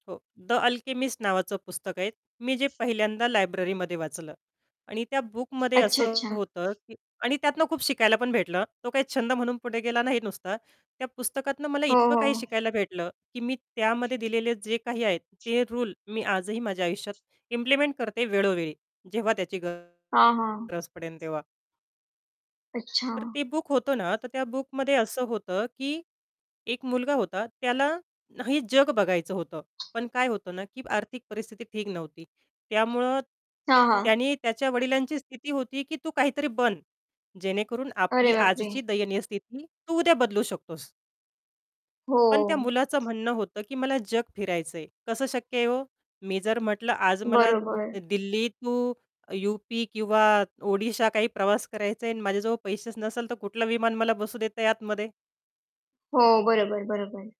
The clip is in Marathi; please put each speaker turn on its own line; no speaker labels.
हो, द अल्केमिस्ट नावाचं पुस्तक आहे. मी जे पहिल्यांदा लायब्ररीमध्ये वाचलं आणि त्या बुकमध्ये
अच्छा,
असं
अच्छा.
होतं, की आणि त्यातनं खूप शिकायला पण भेटलं. तो काही छंद म्हणून पुढे गेला नाही नुसता. त्या पुस्तकातनं मला
हो,
इतकं काही
हो.
शिकायला भेटलं, की मी त्यामध्ये दिलेले जे काही आहेत ते रूल मी आजही माझ्या आयुष्यात इम्प्लिमेंट करते वेळोवेळी. जेव्हा त्याची गरज
हां, हां.
पडेल तेव्हा. तर
अच्छा.
ते बुक होतं ना, तर त्या बुकमध्ये असं होतं, की एक मुलगा होता. त्याला ना हे जग बघायचं होतं, पण काय होतं ना, की आर्थिक परिस्थिती ठीक नव्हती. त्यामुळं
हां, हां.
त्याने त्याच्या वडिलांची स्थिती होती, की तू काहीतरी बन, जेणेकरून
अरे
आपली
बापरे!
आजची दयनीय स्थिती तू उद्या बदलू शकतोस. पण त्या
हो.
मुलाचं म्हणणं होतं, की "मला जग फिरायचं आहे." कसं शक्य आहे हो? मी जर म्हटलं आज मला
बरोबर.
दिल्ली टु युपी किंवा ओडिशा काही प्रवास करायचा आहे आणि माझ्याजवळ पैसेच नसेल, तर कुठलं विमान मला बसू देतं आहे आतमध्ये?
हो. बरोबर, बरोबर.